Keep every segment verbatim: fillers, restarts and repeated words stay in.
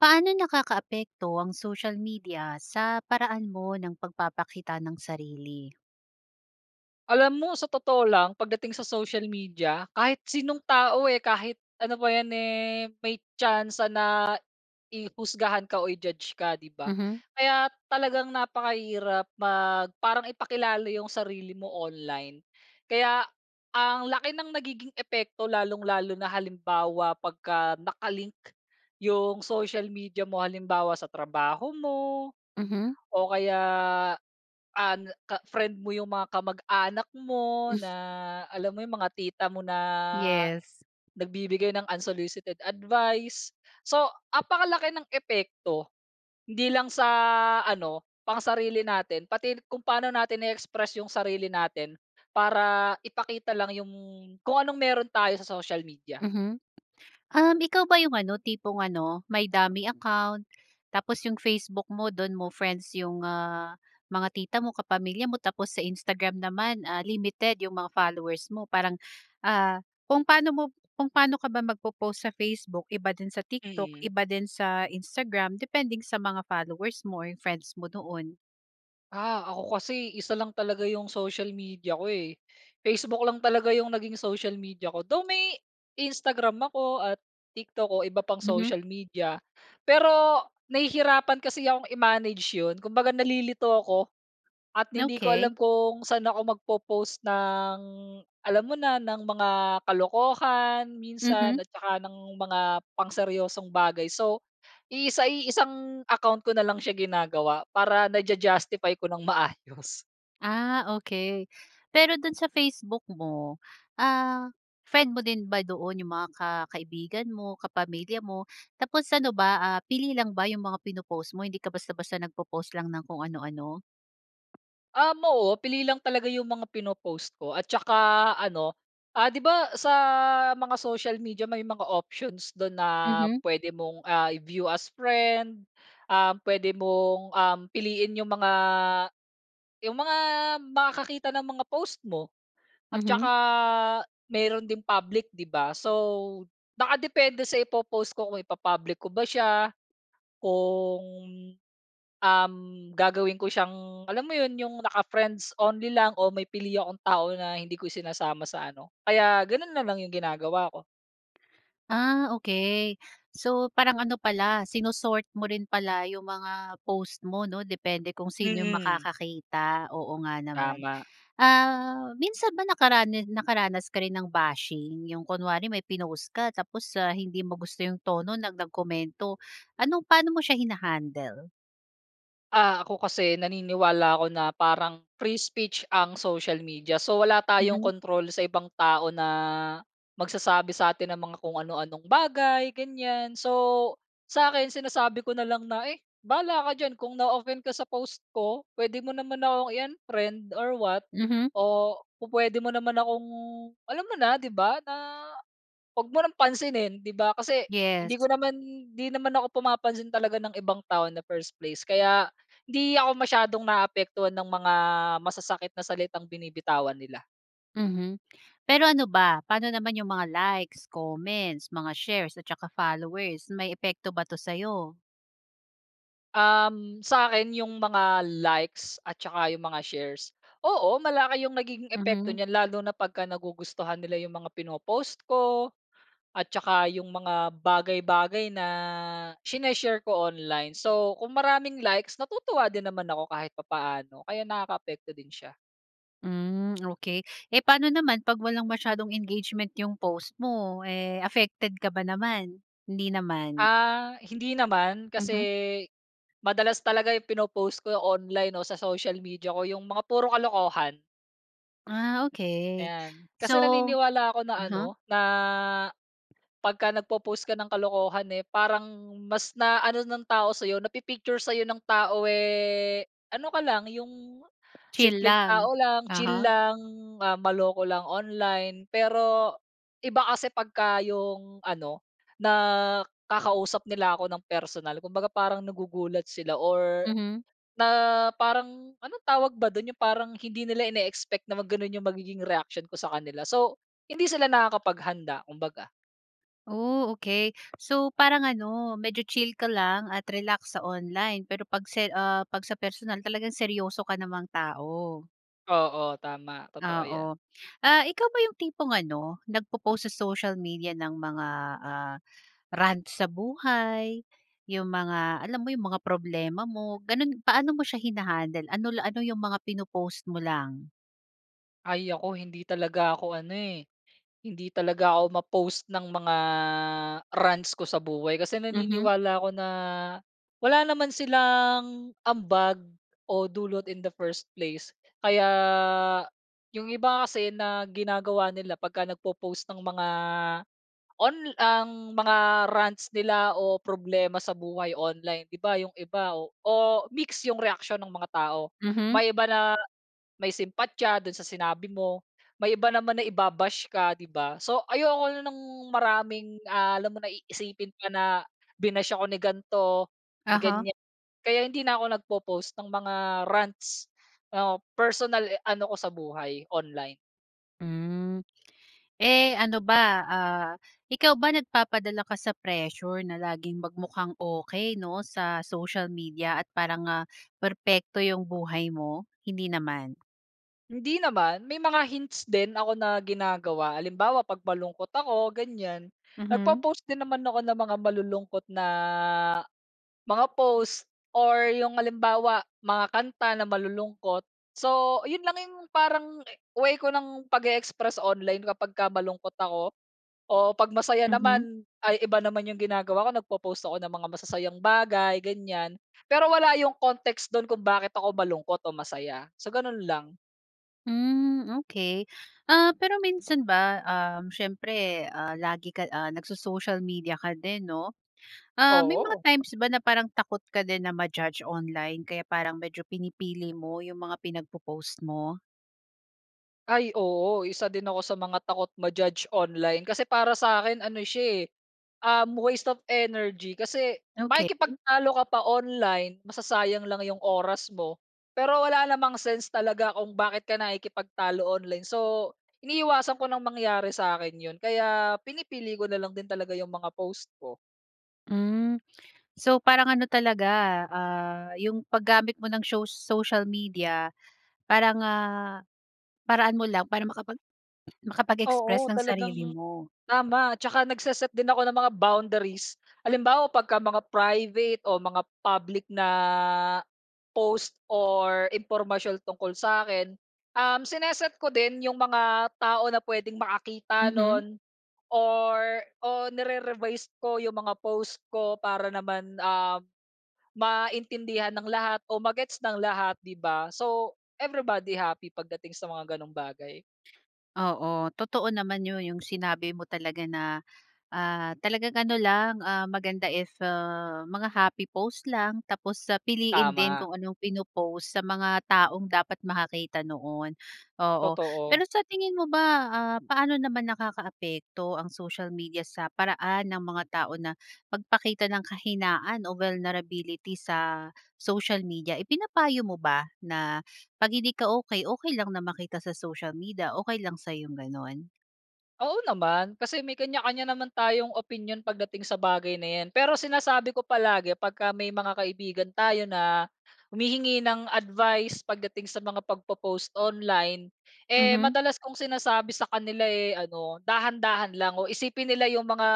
Paano nakakaapekto ang social media sa paraan mo ng pagpapakita ng sarili? Alam mo sa totoo lang, pagdating sa social media kahit sinong tao, eh, kahit ano pa 'yan, eh, may tsansa na i husgahan ka o i-judge ka, di ba? Mhm. Kaya talagang napakahirap mag parang ipakilala yung sarili mo online. Kaya ang laki ng nagiging epekto lalong-lalo na halimbawa, pagka naka-link yung social media mo halimbawa, sa trabaho mo Mhm. o kaya, an ka friend mo yung mga kamag-anak mo na alam mo yung mga tita mo na Yes. nagbibigay ng unsolicited advice so apakalaki ng epekto hindi lang sa ano, pang sarili natin pati kung paano natin i-express yung sarili natin para ipakita lang yung kung anong meron tayo sa social media. Mhm, um, ikaw ba yung ano, tipong ano, may dummy account tapos yung Facebook mo dun mo friends yung, ah, mga tita mo, kapamilya mo. Tapos sa Instagram naman, ah, limited yung mga followers mo. Parang, ah, kung paano mo kung pa'no ka ba magpopost sa Facebook, iba din sa TikTok, Mhm. iba din sa Instagram, depending sa mga followers mo or yung friends mo doon? Ah, ako kasi isa lang talaga 'yung social media ko eh. Facebook lang talaga 'yung naging social media ko. Though may, Instagram ako at TikTok o iba pang Mhm. social media. Pero, nahihirapan kasi akong i-manage 'yon. Kumbaga nalilito ko at hindi ko Okey. alam kung saan ako magpo-post ng, alam mo na, ng mga kalokohan, Mhm. minsan at 'tsaka ng mga pang seryosong bagay. So, iisa iisang account ko na lang siya ginagawa para naja-justify ko ng maayos. Ah, okey. Pero do'n sa Facebook mo ah, friend mo din ba doon yung mga ka kaibigan mo, kapamilya mo? Tapos ano ba ah, pili lang ba 'yung mga pino-post mo? Hindi ka basta-basta nagpo-post lang ng kung ano-ano? Um oo, pili lang talaga 'yung mga pino-post ko at 'tsaka ano, ah 'di ba sa mga social media may mga options do'n na Mhm. pwede mong, ah i-view as friend. Ah, pwede mong um, piliin 'yung mga, yung mga makakakita ng mga post mo. At Mhm. 'tsaka meron ding public, 'di ba? So, naka depende sa ipo-post ko kung ipa-public ko ba siya, kung, um, gagawin ko siyang, alam mo 'yon, 'yung naka-friends only lang o may pili akong tao na hindi ko isinasama sa ano. Kaya gano'n na lang 'yung ginagawa ko. Ah, okey. So, parang ano pala sino-sort mo rin pala 'yong mga post mo, 'no? Depende kung sino 'yong Mm. makakakita. Oo nga naman. Tama. Ah, minsan ba nakarana nakaranas ka rin ng bashing? 'Yong kunwari may pinost ka tapos, ah, hindi mo gusto 'yong tono no nag nagkomento. Ano, paano mo siya hina-handle? Ah, ako kasi naniniwala ako na parang free speech ang social media. So wala tayong Mhm. kontrol sa ibang tao na magsasabi sa atin ng mga kung ano-anong bagay, ganyan. So sa'kin sinasabi ko na lang na, eh, "Bahala ka diyan kung na-offend ka sa post ko. Puwede mo naman ako i-unfriend or what Mhm. o pu-puwede mo naman akong alam mo na, 'di ba? Na huwag mo nang pansinin, 'di ba?" Kasi Yes. hindi ko naman 'di naman ako pumapansin talaga ng ibang tao in the first place, kaya hindi ako masiyadong naaapektuhan ng mga masasakit na salitang binibitawan nila. Mhm. Pero ano ba? Paano naman yung mga likes, comments, mga shares at tsaka followers. May epekto ba 'to sa'yo? Um, sa'kin yung mga likes at tsaka yung mga shares. Oo, malaki yung nagiging epekto Mhm. n'yan lalo na 'pagka nagugustuhan nila yung mga pino-post ko at tsaka yung mga bagay-bagay na shine-share ko online. So, kung maraming likes natutuwa din naman ako kahit papaano kaya nakakaapekto din siya. Hmm, okey. Eh, paano naman 'pag walang masyadong engagement yung post mo, eh, affected ka ba naman, hindi naman? Ah, hindi naman kasi Mhm. madalas talaga yung pinoppost ko online o sa social media ko yung mga puro kalokohan. Ah, okey. Ayan, kasi So naniniwala ako na ano uh-huh. na 'pagka nagpo-post ka ng kalokohan, eh, parang mas na ano ng tao sa'yo napi-picture sa'yo ng tao, eh, ano ka lang yung Chill simpleng lang. tao lang, chill Uh-huh. lang, ah, maloko lang online. Pero iba kasi 'pagka yung ano nakakausap nila ako ng personal. Kumbaga parang nagugulat sila or Mhm. na parang ano tawag ba do'n yung parang hindi nila ini-expect na mag gano'n yung magiging reaksiyon ko sa kanila. So, hindi sila nakakapaghanda kumbaga. Oh, okey. So, parang ano, medyo chill ka lang at relax sa online pero 'pag se ah, 'pag sa personal talagang seryoso ka namang tao. Oo, tama. Totoo 'yan. Oo. Ah, ikaw ba yung tipong ano, nagpo-post sa social media ng mga, ah, rants sa buhay, 'yong mga, alam mo 'yong mga problema mo, gano'n. Paano mo siya hina-handle? Ano la ano yung mga pino-post mo lang? Ay, ako hindi talaga ako ano, eh, hindi talaga ako ma-post ng mga rants ko sa buhay kasi Mhm. naniniwala ako na, wala naman silang, ambag, o dulot in the first place. Kaya 'yong iba kasi na ginagawa nila 'pag ka nagpo-post ng mga on ang mga rants nila o problema sa buhay online, 'di ba, 'yong iba o, o mix 'yong reaksyon nung mga tao. Mhm. May iba na, may simpatya dun sa sinabi mo. May iba naman na iba-bash ka, di ba? So, ayoko na ng maraming, ah, alam mo na iisipin pa, na binash ako ni gan'to, ni Aha. gan'yan, kaya hindi na ako nagpo-post ng mga, rants o personal e ano ko sa buhay, online. Hmm. Eh ano ba, ah, ikaw ba nagpapadala ka sa pressure na laging magmukhang okey, 'no, sa social media at parang ah, perpekto 'yung buhay mo? Hindi naman? Hindi naman. May mga hints din ako na ginagawa. Halimbawa, pag malungkot ako ganyan, Mhm. nagpo-post din naman ako ng mga malulungkot na, mga post or 'yung halimbawa mga kanta na malulungkot. So, 'yun lang 'yung parang way ko nang pag-eexpress online kapag ka malungkot ako. O pag masaya Mhm. naman, ay iba naman 'yong ginagawa ko. Nagpo-post ako ng mga masasayang bagay, ganyan. Pero wala 'yong context dun kung bakit ako malungkot o masaya. So, gano'n lang. Hmm, okey. Ah pero minsan ba, um, siyempre, ah, lagi ka, ah, nagso-social media ka din, 'no? Ah, may mga Oo. times ba na parang takot ka din na ma-judge online kaya parang medyo pinipili mo 'yung mga pinagpo-post mo? Ay, oo. Isa din ako sa mga takot ma-judge online kasi para sa akin ano siya eh, um, waste of energy kasi, Okey. makikipagtalo ka pa online masasayang lang 'yong oras mo. Pero wala namang sense talaga kung bakit ka nakikipagtalo online so, iniiwasan ko nang mangyari sa akin 'yon. Kaya pinipili ko na lang din talaga 'yong mga post ko. Hmm. So parang ano talaga, ah, yung paggamit mo ng sho social media para nga, paraan mo lang para makapag Oo, makapag-express ng talagang sarili mo. tama, at 'tsaka nagse-set din ako ng mga boundaries. Halimbawa 'pag mga private o mga public na post or impormasyon tungkol sa'kin, um sine-set ko din yung mga tao na pwedeng makakita Mhm. nun or o nire-revise ko yung mga post ko para naman, ah, maintindihan ng lahat o ma-gets ng lahat 'di ba. So everybody happy, pagdating sa mga gano'ng bagay. Oo totoo naman 'yon, yung sinabi mo talaga na, ah, talagang ano lang, ah, maganda if ah mga happy post lang, tapos sa piliin din Tama. kung anong pino-post sa mga taong dapat makakita noon. Oo Totoo. pero sa tingin mo ba ah, paano naman nakakaapekto ang social media sa paraan ng mga tao na magpakita ng kahinaan o vulnerability sa social media? Ipinapayo mo ba na pag hindi ka okey, okey lang na makita sa social media, okey lang sa yung gano'n? Oo naman. Kasi may kanya-kanya naman tayong opinyon pagdating sa bagay na 'yan pero sinasabi ko palagi 'pagka may mga kaibigan tayo na, humihingi ng advice pagdating sa mga pagpo-post online eh, Mhm. madalas kong sinasabi sa kanila, eh, ano, dahan-dahan lang o isipin nila yung mga,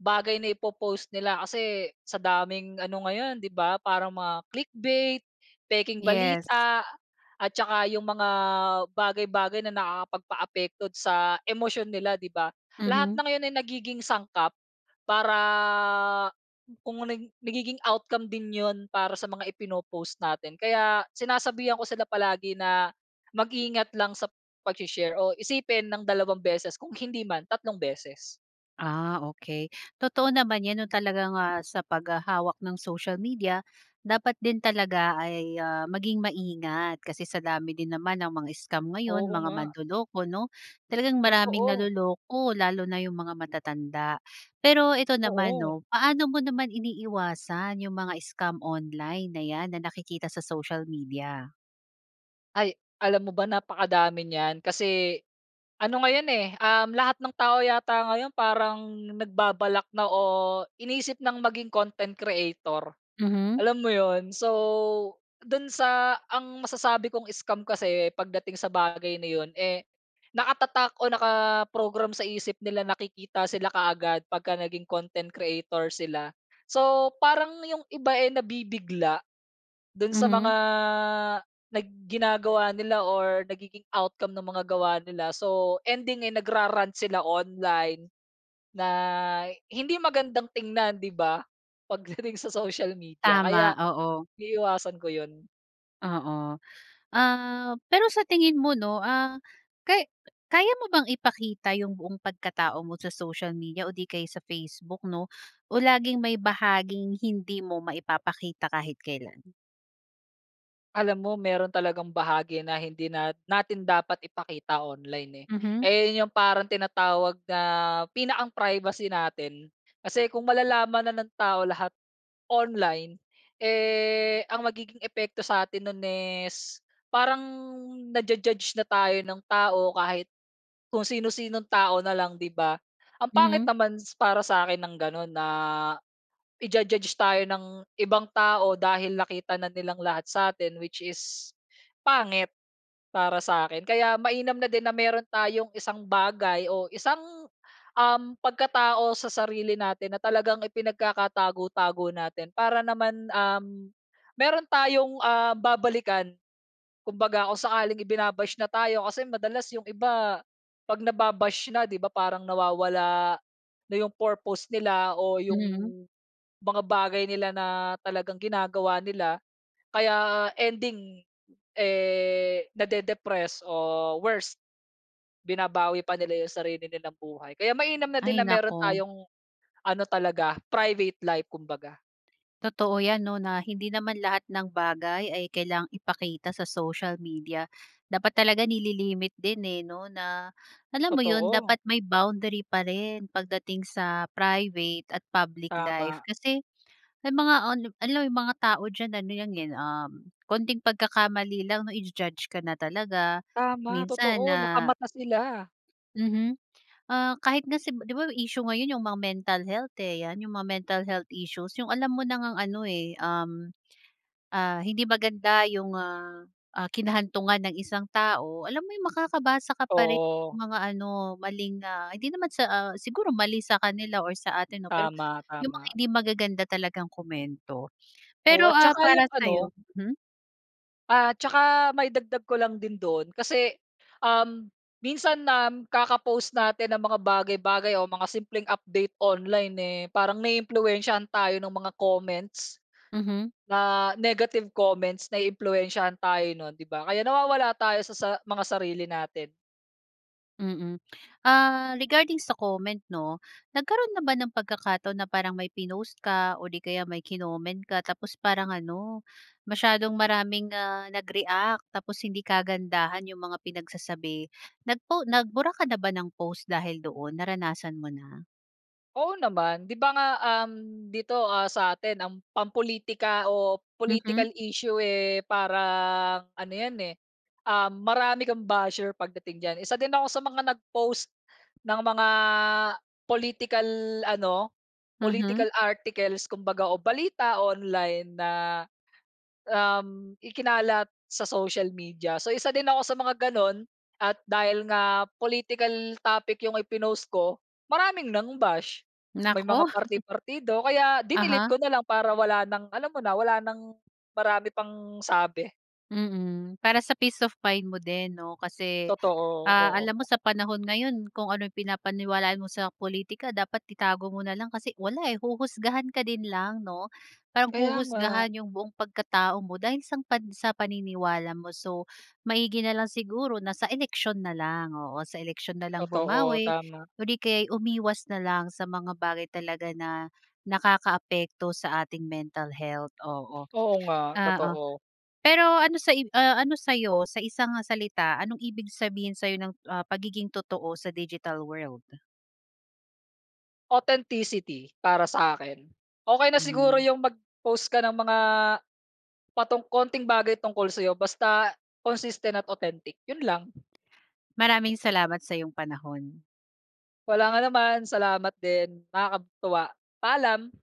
bagay na ipo-post nila kasi, sa daming ano ngayon 'di ba? Parang mga click bait, pekeng Yes. balita at 'tsaka yung mga, bagay-bagay na nakakapagpaapekto sa emosyon nila 'di ba? Lahat Mhm. ng yon ay nagiging sangkap para, [unintelligible] nagiging outcome din 'yon para sa mga ipino-post natin kaya, sinasabihan ko sila palagi na, mag-ingat lang sa pag-she-share o isipin ng dalawang beses kung hindi man, tatlong beses. Ah, okey. Totoo naman yan 'no talaga nga sa paghahawak ng social media, dapat din talaga ay, ah, maging maingat kasi sa dami din naman ng mga scam ngayon, Oo mga nga. manloloko 'no? Talagang maraming Totoo. naloloko lalo na yung mga matatanda. Pero ito naman Oo. 'no, paano mo naman iniiwasan yung mga scam online na 'yan na nakikita sa social media? Ay, alam mo ba, napakadami niyan kasi ano ngayon eh, uhm, lahat ng tao yata ngayon parang nagbabalak na o iniisip ng maging content creator. Mhm. Alam mo 'yon, so do'n sa ang masasabi kong scam kasi pagdating sa bagay na 'yon, eh, nakatatak o nakaprogram sa isip nila na kikita sila kaagad pagka naging content creator sila. So parang 'yong iba eh, nabibigla, dun sa Mhm. mga nag ginagawa nila or nagiging outcome ng mga gawa nila so ending eh, nag ra-rant sila online, na hindi magandang tingnan di ba, pagdating sa social media. Kaya Tama, oo. iiwasan ko yun. Oo. Ah, pero sa tingin mo, 'no, ah, kay kaya mo bang ipakita yung buong pagkatao mo sa social media o di kaya sa Facebook, 'no, o laging may bahaging hindi mo maipapakita kahit kailan? Alam mo meron talagang bahagi na hindi nat natin dapat ipakita online, eh. Mhm. Eh, 'yon yung parang tinatawag na pinakang privacy natin. Kasi kung malalaman na ng tao lahat online, eh, ang magiging epekto sa atin nun is parang naju-judge na tayo ng tao kahit, kung sinu-sinong tao na lang, 'di ba? Ang pangit Mhm. naman s para sakin ng ganun na ija-judge tayo ng ibang tao dahil nakita na nilang lahat satin, which is pangit para sa akin. Kaya mainam na din na meron tayong isang bagay o isang, uhm, pagkatao sa sarili natin na talagang ipinagkakatago-tago natin. Para naman, uhm, meron tayong, ah, babalikan, kumbaga, kung sakaling ibinabash na tayo kasi madalas yung iba pag nababash na, di ba, parang nawawala na yung purpose nila o yung Mhm. mga bagay nila na talagang ginagawa nila. Kaya ending, eh, nade-depress o worst, binabawi pa nila yung sarili nilang buhay. Kaya mainam na din Ay na meron naku. tayong ano talaga, private life kumbaga. Totoo 'yan 'no, na hindi naman lahat ng bagay ay kailangang ipakita sa social media. Dapat talaga nililimit din, eh, 'no, na alam mo 'yon, Totoo. dapat may boundary pa rin pagdating sa private at public life Tama. kasi may mga onli alam mo may mga tao diyan, ano 'yan, eh, um, konting pagkakamali lang 'no, ija-judge ka na talaga Tama! minsan Totoo! na Nakamata sila. Mhm. Ah, kahit nga si 'di ba issue ngayon yung mga mental health, eh, 'yan yung mga mental health issues, yung alam mo na ngang ano, eh, um, ah, hindi maganda yung, ah, ah, kinahantungan ng isang tao, alam mo yung makakabasa ka pa rin ng Oo. mga ano, maling, ah, hindi naman sa, ah, siguro mali sa kanila or sa atin 'no, pero Tama, yung mga tama. hindi magaganda talagang komento Oo, pero, at ah, 'tsaka yung para sa'yo ano. hmm. At 'tsaka maidagdag ko lang din do'n kasi, um, minsan nam kaka-post natin ng mga bagay-bagay o mga simpleng update online, eh, parang naiimpluwensiyahan tayo ng mga comments, Mhm. na negative comments. Naiimpluwensyahan tayo nun, 'di ba. Kaya nawawala tayo sa sa mga sarili natin. Mm, ah, regarding sa comment 'no. Nagkaroon na ba ng pagkakataon na parang may pinost ka or 'di kaya may kinoment ka tapos parang ano, masyadong maraming ah, nag-react. Tapos hindi kagandahan 'yong mga pinagsasabi, nag po, nag bura ka na ba ng post dahil doon, naranasan mo na? Oo naman 'di ba nga, um, dito ah, satin ang pam-politika o Mhm. political issue eh, parang ano yan eh, um, marami kang basher pagdating diyan. Isa din ako sa mga nag-post ng mga political ano, Mhm. political articles kumbaga o balita online na um, ikinalat sa social media. So, isa din ako sa mga ganoon at dahil nga political topic 'yung ipinost ko, maraming nang bash. May Naku! mga parti-partido, kaya dinilete Uh-huh. ko na lang para wala ng alam mo na, wala ng marami pang sabi. Mm, para sa peace of mind mo din 'no kasi, Totoo, ah, alam mo oo. sa panahon ngayon kung ano 'yong pinapaniwalaan mo sa pulitika dapat itago mo na lang kasi wala eh. Huhusgahan ka din lang 'no, parang Kaya nga. huhusgahan 'yong buong pagkatao mo dahil sang pan sa paniniwala mo. So maigi na lang siguro na sa eleksiyon na lang. Oo, sa eleksiyon na lang Totoo, bumawi tama. or di kaya'y umiwas na lang sa mga bagay talaga na nakakaapekto sa ating mental health, oo, Oo nga, oo. totoo. Pero ano sa, ah, ano sa'yo sa isang salita, anong ibig sabihin sa'yo ng ah, pagiging totoo sa digital world? Authenticity para sa'kin. Okey na Hmm. siguro 'yung mag-post ka ng mga patu konting bagay tungkol sa'yo, basta consistent at authentic 'yun lang. Maraming salamat sa'yong panahon. Walang anuman, salamat din. Nakakatuwa, paalam.